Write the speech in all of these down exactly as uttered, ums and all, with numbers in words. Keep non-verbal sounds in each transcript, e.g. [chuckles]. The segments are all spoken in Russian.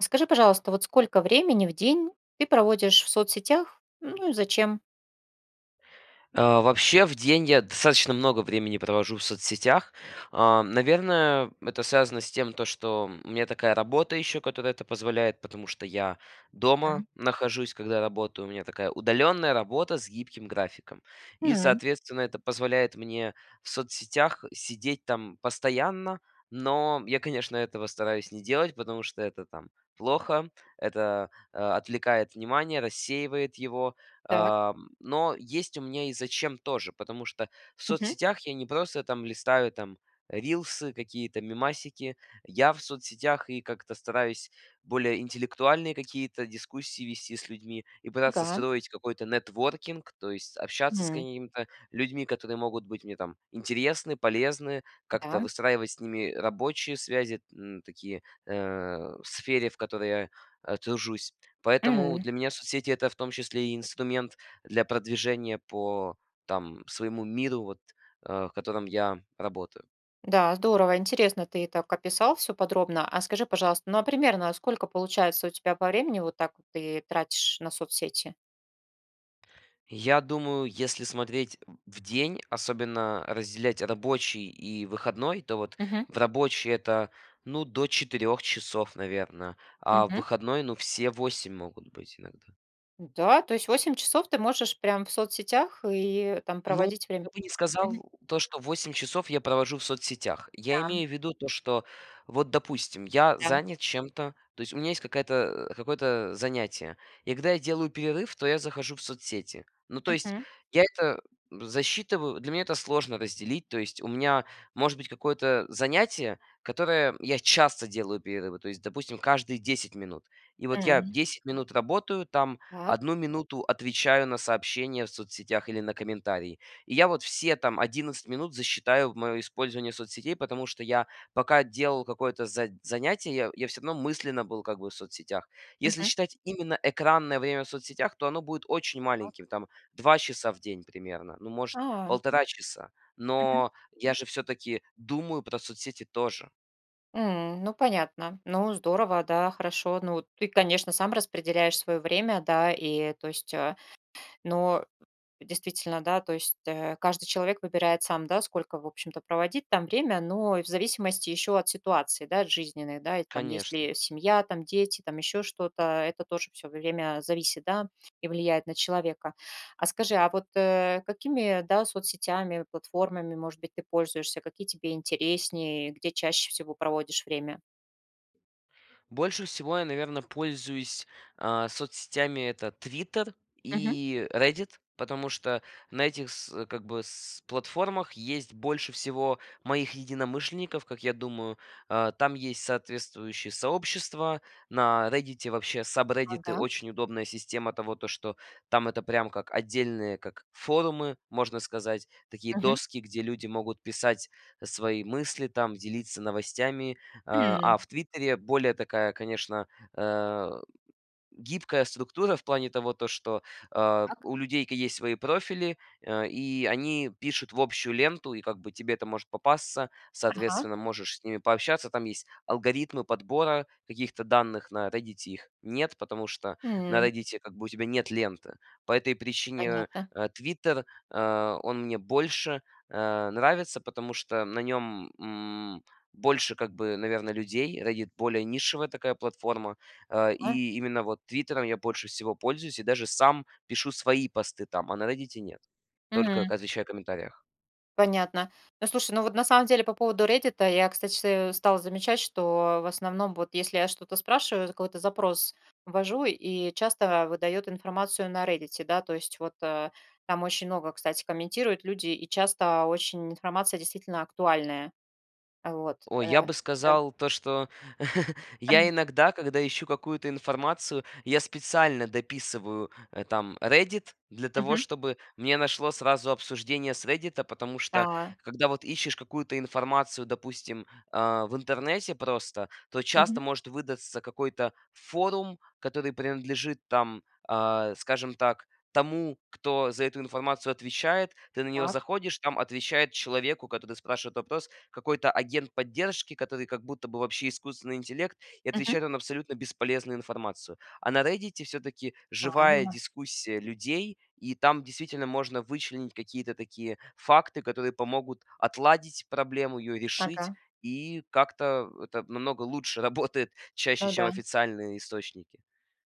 Скажи, пожалуйста, вот сколько времени в день ты проводишь в соцсетях, ну, и зачем? А, вообще в день я достаточно много времени провожу в соцсетях. А, наверное, это связано с тем, то, что у меня такая работа ещё, которая это позволяет, потому что я дома М. нахожусь, когда работаю, у меня такая удалённая работа с гибким графиком. И, М. соответственно, это позволяет мне в соцсетях сидеть там постоянно. Но я, конечно, этого стараюсь не делать, потому что это, там, плохо, это, а, отвлекает внимание, рассеивает его, Так. а, м, но есть у меня и зачем тоже. Потому что в Мгм. соцсетях я не просто, там, листаю, там, рилсы, какие-то мемасики, я в соцсетях и как-то стараюсь более интеллектуальные какие-то дискуссии вести с людьми и пытаться Ага. строить какой-то нетворкинг, то есть общаться с Мгм. какими-то людьми, которые могут быть мне, там, интересны, полезны, как-то Да. выстраивать с ними рабочие связи, м, такие, э, в сфере, в которой я, а, тружусь. Поэтому Мгм. для меня соцсети- это в том числе и инструмент для продвижения по, там, своему миру, вот, э, в котором я работаю. Да, здорово, интересно, ты так описал всё подробно. А скажи, пожалуйста, ну, а примерно сколько получается у тебя по времени, вот так вот ты тратишь на соцсети? Я думаю, если смотреть в в день, особенно разделять рабочий и выходной, то вот Мгм. в рабочий это, ну, до четырех часов, наверно, а в Мгм. выходной, ну, все восемь могут быть иногда. Да, то есть восемь часов ты можешь прям в соцсетях и там Ну, проводить я время? бы не сказал, Мгм. то что восемь часов я провожу в соцсетях. Я Да. имею в виду то, что вот, допустим, я Да. занят чем-то, то есть у меня есть какая-то, э, какое-то, э, занятие. И когда я делаю перерыв, то я захожу в соцсети. Ну, то есть, Мгм. я это засчитываю, для меня это сложно разделить, то есть у меня может быть какое-то занятие, которое я часто делаю перерывы, то есть, допустим, каждые десять минут. И вот я М. десять минут работаю, там, Так. одну минуту отвечаю на сообщения в соцсетях или на комментарии. И я вот все там одиннадцать минут засчитаю в моё использование соцсетей, потому что я, пока делал какое-то за занятие, я я всё равно мысленно был как бы в соцсетях. Если Мгм. считать именно экранное время в соцсетях, то оно будет очень Так. маленьким, там, два часа в день примерно, ну, может, А. полтора часа. Мгм. Но я же всё-таки думаю про соцсети тоже. М, ну понятно, ну, здорово, да, хорошо. Ну, ты, конечно, сам распределяешь свое время, да, и, то есть, э, ну, действительно, да, то есть, э, каждый человек выбирает сам, да, сколько, в общем-то, проводить там время, но и в зависимости еще от ситуации, да, жизненной, да, и там есть Конечно. ли семья, там, дети, там еще что-то, это тоже всё время зависит, да, и влияет на человека. А скажи, а вот, э, какими, э, да, соцсетями, платформами, может быть, ты пользуешься, какие тебе интереснее, где чаще всего проводишь время? Больше всего я, наверно, пользуюсь, а, соцсетями- это "Твиттер" Мгм. и "Реддит", потому что на этих с как бы с платформах есть больше всего моих единомышленников, как я думаю. Э, там есть соответствующие сообщества. На "Реддите" вообще сабреддиты- Ага. очень удобная система того, то, что там это прям как отдельные как форумы, можно сказать, такие Мгм. доски, где люди могут писать, э, свои мысли там, делиться новостями, а а М. в "Твиттере" более такая, конечно, э, гибкая структура в плане того, то, что, э, Так. у людей ки есть свои профили, э, и они пишут в общую ленту и как бы тебе это может попасться, Ага. соответственно, можешь с ними пообщаться. Там есть алгоритмы подбора каких-то данных, на "Реддите" их нет, потому что на М. "Реддите" как бы у тебя нет ленты. По этой причине, э, Понятно. э, "Твиттер", э, он мне больше, э, нравится, потому что на нём, м, больше как бы, наверно, людей. "Реддит"- более нишевая такая платформа, э, А. и именно вот "Твиттером" я больше всего пользуюсь и даже сам пишу свои посты там, а на "Реддите" нет. Только когда М. отвечаю в комментариях. Понятно. Ну, слушай, ну вот на самом деле по поводу "Реддита", я, кстати, стала замечать, что в основном вот если я что-то спрашиваю, какой-то запрос ввожу и часто выдает информацию на "Реддите", да. То есть вот, э, там очень много, кстати, комментируют люди и часто очень информация действительно актуальная. Вот. О, я Э, бы э. сказал то, что [chuckles] я Эм. иногда, когда ищу какую-то информацию, я специально дописываю там "Реддит". Для того, Мгм. чтобы мне нашло сразу обсуждение с "Реддита". Потому что Да. когда вот ищешь какую-то информацию, допустим, э, в интернете просто, то часто Мгм. может выдаться какой-то форум, который принадлежит, там, э, скажем так, тому, кто за эту информацию отвечает. Ты на него Так. заходишь, там отвечает человеку, который спрашивает вопрос, какой-то агент поддержки, который как будто бы вообще искусственный интеллект, и Мгм. отвечает он абсолютно бесполезную информацию. А на "Реддите" всё-таки живая Правильно. дискуссия людей. И там действительно можно вычленить какие-то такие факты, которые помогут отладить проблему, ее решить, Ага. и как-то, э, это намного лучше работает чаще, Ну чем да. официальные источники.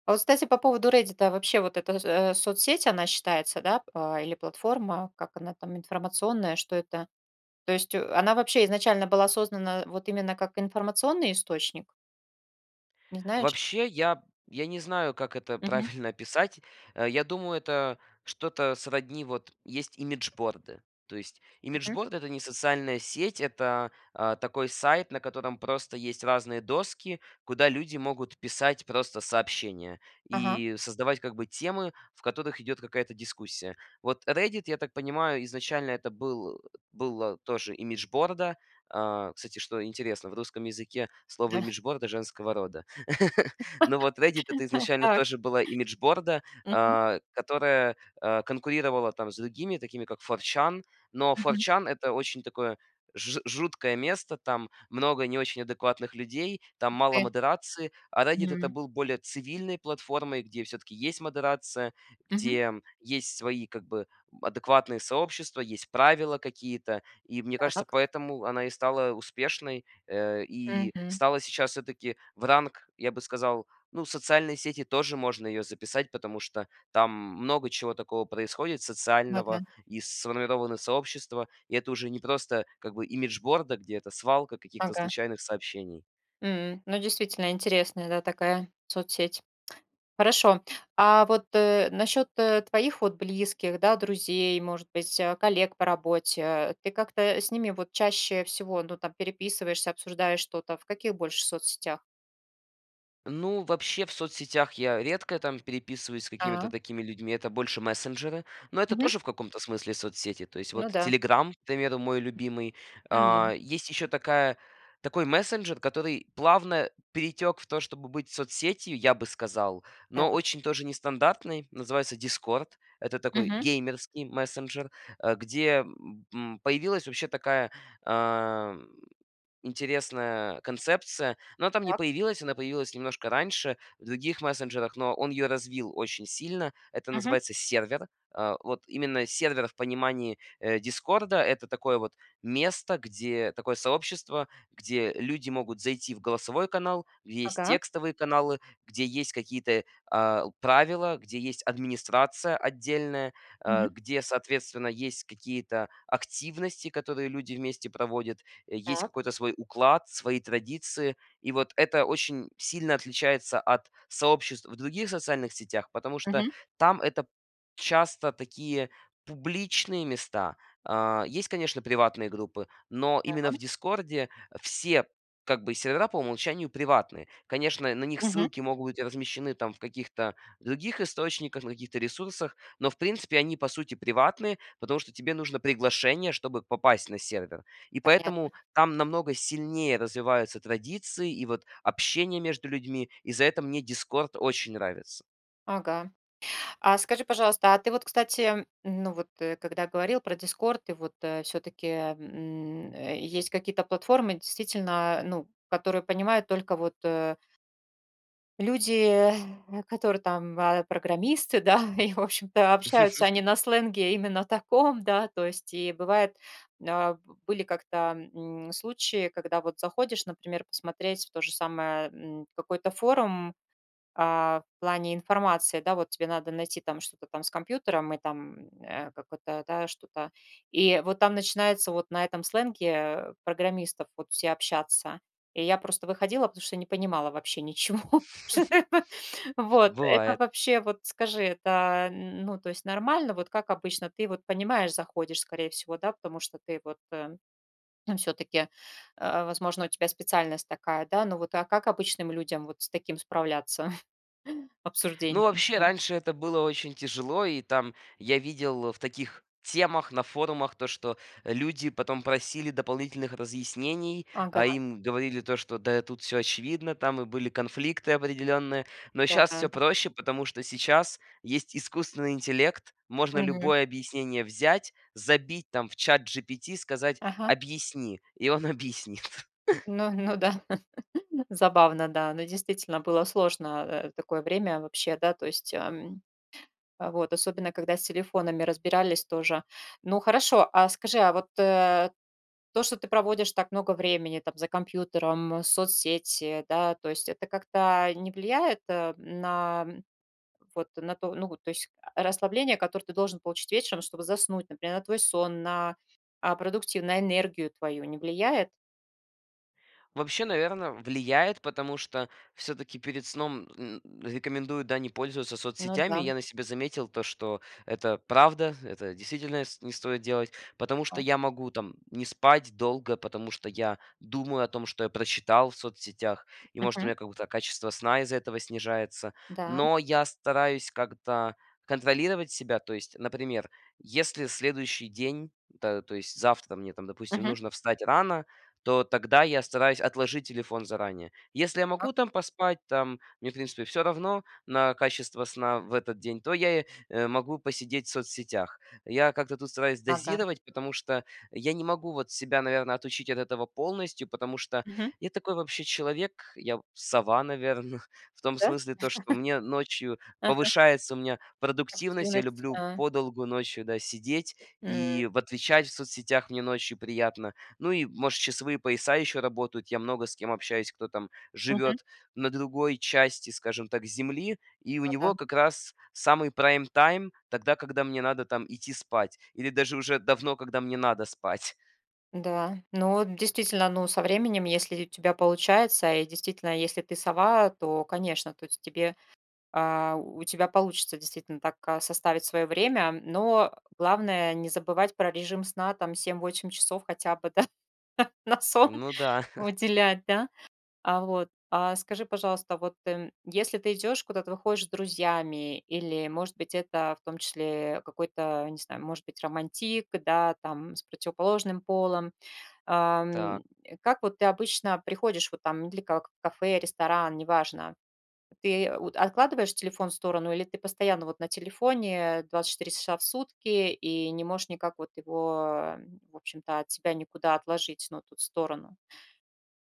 А вот, кстати, по поводу "Реддита", вообще вот эта, э, соцсеть, она считается, да, э, или платформа? Как она там, информационная, что это? То есть, э, она вообще изначально была создана вот именно как информационный источник? Не знаешь? Вообще я я не знаю, как это Мгм. правильно описать. Я думаю, это что-то сродни вот есть имиджборды. То есть Мгм. имиджборда- это не социальная сеть, это, э, такой сайт, на котором просто есть разные доски, куда люди могут писать просто сообщения Ага. и создавать как бы темы, в которых идет какая-то дискуссия. Вот "Реддит", я так понимаю, изначально это был была тоже имиджборда, э, кстати, что интересно, в русском языке слово Да. "имиджборда" женского рода. [chuckles] Но вот "Реддит"- это [laughs] А изначально так. тоже была имиджборда. Мгм. Э, которая, э, конкурировала там с другими, такими как 4chan, но Мгм. 4chan- это очень такое ж жуткое место, там много не очень адекватных людей, там мало Где? модерации. А "Реддит"- это М. был более цивильной платформой, где всё-таки есть модерация, Мгм. где есть свои как бы адекватные сообщества, есть правила какие-то. И, мне кажется, Так. поэтому она и стала успешной, э, и Мгм. стала сейчас всё-таки в ранг, я бы сказал, ну, в социальные сети тоже можно ее записать. Потому что там много чего такого происходит социального, Ладно. и сформированы сообщества, и это уже не просто как бы имиджборда, где это свалка каких-то Ага. случайных сообщений. М, ну, действительно интересная, да, такая соцсеть. Хорошо. А вот, э, насчет, э, твоих вот близких, да, друзей, может быть, а коллег по работе, ты как-то, э, с ними вот чаще всего, ну, там переписываешься, обсуждаешь что-то, в каких больше соцсетях? Ну, вообще в соцсетях я редко там переписываюсь с какими-то А. такими людьми, это больше мессенджеры. Но это Мгм. тоже в каком-то смысле соцсети, то есть Ну вот да. "Телеграм", к примеру, мой М. любимый. Мгм. А, есть еще такая такой мессенджер, который плавно перетек в то, чтобы быть соцсетью, я бы сказал, Да. но очень тоже нестандартный. Называется "Дискорд". Это такой Мгм. геймерский мессенджер, а где, м, появилась вообще такая, а, м, интересная концепция, но она там не Так. появилась, она появилась немножко раньше в других мессенджерах, но он её развил очень сильно. Это Мгм. называется сервер. А, вот именно сервер в понимании, э, "Дискорда"- это такое вот место, где такое сообщество, где люди могут зайти в голосовой канал, где есть Ага. текстовые каналы, где есть какие-то, а, правила, где есть администрация отдельная, а, Мгм. где, соответственно, есть какие-то активности, которые люди вместе проводят, есть Так. какой-то свой уклад, свои традиции, и вот это очень сильно отличается от сообществ в других социальных сетях, потому что Мгм. там это часто такие публичные места. А, есть, конечно, приватные группы, но Да, именно в м. "Дискорде" все как бы сервера по умолчанию приватные. Конечно, на них Мгм. ссылки могут быть размещены там в каких-то других источниках, на каких-то ресурсах, но, в принципе, они, по сути, приватные, потому что тебе нужно приглашение, чтобы попасть на сервер. И Понятно. поэтому там намного сильнее развиваются традиции и вот общение между людьми, и за это мне "Дискорд" очень нравится. Ага. А скажи, пожалуйста, а ты вот, кстати, ну, вот, когда говорил про "Дискорд", и вот, э, всё-таки, м, э, есть какие-то платформы действительно, ну, которые понимают только вот, э люди, э, которые там ва программисты, да, и, в общем-то, общаются они [chuckles] на сленге именно таком, да, то есть и бывает а, в Были как-то, м, случаи, когда вот заходишь, например, посмотреть в то же самое, м, какой-то форум, а, в плане информации, да, вот тебе надо найти там что-то там с компьютером и там, м, э, какой-то, да, что-то, и вот там начинается вот на этом сленге, э, программистов вот все общаться. И я просто выходила, потому что не понимала вообще ничего. Что [chuckles] такое? Вот, это Бывает! вообще, вот, скажи, это, а, н ну, то есть нормально? Вот как обычно, ты вот понимаешь, заходишь, скорее всего, да, потому что ты, вот, э, ну всё-таки, а, возможно, у тебя специальность такая, да. Ну вот, а как обычным людям вот с таким справляться [chuckles] Ну, обсуждением? вообще, раньше это было очень тяжело, и там я видел в таких темах на форумах то, что люди потом просили дополнительных разъяснений, а Ага. им говорили то, что: "Да, тут всё очевидно". Там и были конфликты определенные. Но щас всё Мгм. проще, потому что сейчас есть искусственный интеллект, можно Мгм. любое объяснение взять, забить, там, в ChatGPT, сказать: Ага. "Объясни"- и он объяснит. [chuckles] Ну ну да. [chuckles] Забавно, да. Ну, действительно, было сложно, э, такое время вообще, да, то есть, а, м. Вот, особенно, когда с телефонами разбирались тоже. Ну, хорошо, а скажи, а вот, э, то, что ты проводишь так много времени, там, за компьютером, соцсети, да, то есть это как-то не влияет, э, на, м, вот на ту ну вот, то есть, а, расслабление, которое ты должен получить вечером, чтобы заснуть, например, на твой сон, на, а, продуктивн на энергию твою не влияет? Вообще, наверно, влияет, потому что всё-таки перед сном, н рекомендуют, да, не пользоваться Ну соцсетями. да. Я на себе заметил то, что это правда, это действительно ст не стоит делать, потому что А? я могу там не спать долго, потому что я думаю о том, что я прочитал в соцсетях, и, может, у Мгм. меня какое-то качество сна из-за этого снижается, Да. но я стараюсь как-то контролировать себя. То есть, например, если следующий день- это, то есть завтра мне там, допустим, Мгм. нужно встать рано, то тогда я стараюсь отложить телефон заранее. Если я могу Так. там поспать, там, мне, в принципе, всё равно на качество сна в этот день, то я, э, могу посидеть в соцсетях. Я как-то тут стараюсь Ага. дозировать, потому что я не могу вот себя, наверно, отучить от этого полностью, потому что Мгм. я такой вообще человек, я, в сова, наверно. В том Да? смысле, то, что [chuckles] мне ночью Ага. повышается у меня продуктивность, я Активность, люблю да. подолгу ночью, да, сидеть М. и в отвечать в соцсетях мне ночью приятно, ну и, может, часовые пояса еще работают, я много с кем общаюсь, кто там Мгм. живет на другой части, скажем так, Земли, и у Ну да. него как раз самый прайм-тайм тогда, когда мне надо там идти спать или даже уже давно, когда мне надо спать. Да, ну вот действительно, ну со временем, если у тебя получается и действительно, если ты сова, то, конечно, то есть тебе, а, у тебя получится действительно так, а, составить свое время. Но главное не забывать про режим сна, там, семь восемь часов хотя бы, да, на сон Ну да. [chuckles] уделять, да, а. Вот. А скажи, пожалуйста, вот если ты идешь, куда-то выходишь с друзьями или, может быть, это в том числе какой-то, не знаю, может быть, романтик, да, там с противоположным полом, а, м. Так. Как вот ты обычно приходишь вот там или как, в кафе, ресторан, неважно. Ты от откладываешь телефон в сторону или ты постоянно вот на телефоне двадцать четыре часа в сутки и не можешь никак вот его, в общем-то, от себя никуда отложить, ну, тут, в сторону?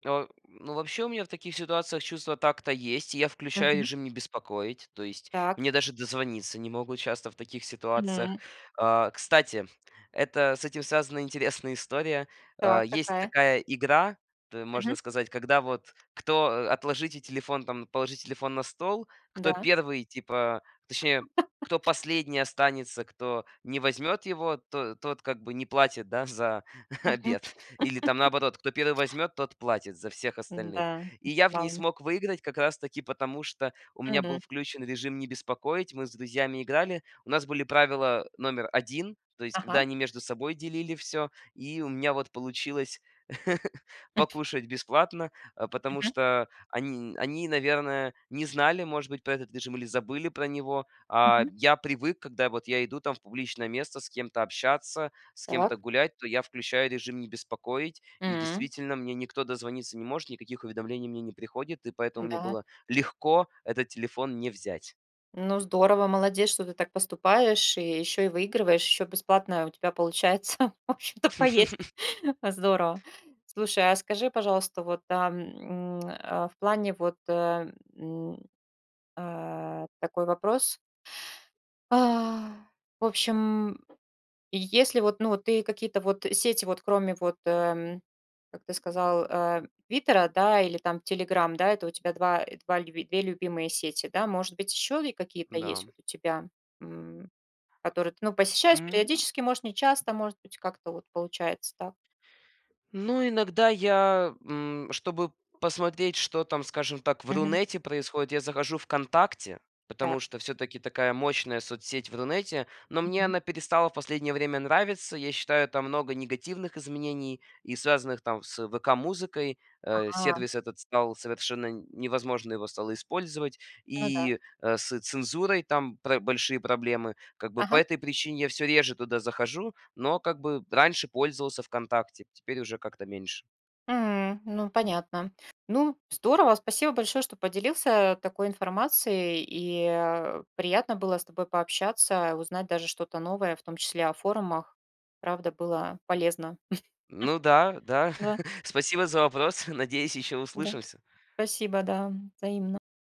Э, ну, вообще, у меня в таких ситуациях чувство такта есть, и я включаю Мгм. режим "Не беспокоить", то есть Так. мне даже дозвониться не могут часто в таких ситуациях. Мгм. А, кстати, это с этим связана интересная история. А, Так, есть какая? такая игра, т можно Мгм. сказать, когда вот кто э, "отложите телефон", там, "положи телефон на стол"- кто Да. первый, типа, точнее, кто [laughs] последний останется, кто не возьмет его, то тот как бы не платит, да, за Мгм. обед. Или там [laughs] наоборот: кто первый возьмет, тот платит за всех Мгм, остальных. да, И я в ней плавно. смог выиграть как раз-таки потому, что у меня был Мгм. включен режим "Не беспокоить", мы с друзьями играли, у нас были правила номер один, то есть когда Ага. они между собой делили всё, и у меня вот получилось [laughs] [chuckles] покушать бесплатно, а потому Мгм. что они они, наверное, не знали, может быть, про этот режим или забыли про него. А Мгм. я привык, когда вот я иду там в публичное место с кем-то общаться, с Так. кем-то гулять, то я включаю режим "Не беспокоить", и М. действительно мне никто дозвониться не может, никаких уведомлений мне не приходит, и поэтому мне Н-да. было легко этот телефон не взять. Ну, здорово, молодец, что ты так поступаешь, и ещё и выигрываешь, ещё бесплатно у тебя получается, в общем-то, поесть. [chuckles] Э, здорово. Слушай, а скажи, пожалуйста, вот, а, м, а, в плане вот, э, м, а, такой вопрос. А. В общем, если вот, ну, вот ты какие-то вот сети вот кроме вот, э, м, как ты сказал, а, "Твиттера", да, или там "Телеграм", да, это у тебя два, э, два люб две любимые сети, да? Может быть, еще и какие-то есть Да. вот у тебя, м, которые ты, ну, посещаешь М. периодически, может, нечасто, может быть, как-то вот получается, так? Ну, иногда я, м, чтобы посмотреть, что там, скажем так, в Мгм. Рунете происходит, я захожу "ВКонтакте", Так. потому что всё-таки такая мощная соцсеть в Рунете, но мне Мгм. она перестала в последнее время нравиться. Я считаю, там много негативных изменений и связанных там с "ВК Музыкой". Э, А. сервис этот стал совершенно невозможно его стало использовать, Ну да. и, э, с цензурой там пра большие проблемы. Как бы, по Ага. этой причине я всё реже туда захожу, но, как бы, раньше пользовался "ВКонтакте", теперь уже как-то меньше. М, ну, понятно. Ну, здорово, спасибо большое, что поделился, а, такой информацией, и, а, приятно было с тобой пообщаться, узнать даже что-то новое, в том числе о форумах. Правда было полезно. Ну да, [chuckles] да, Да. [chuckles] спасибо за вопрос, [chuckles] надеюсь, ещё Да. услышимся. Спасибо, да, взаимно.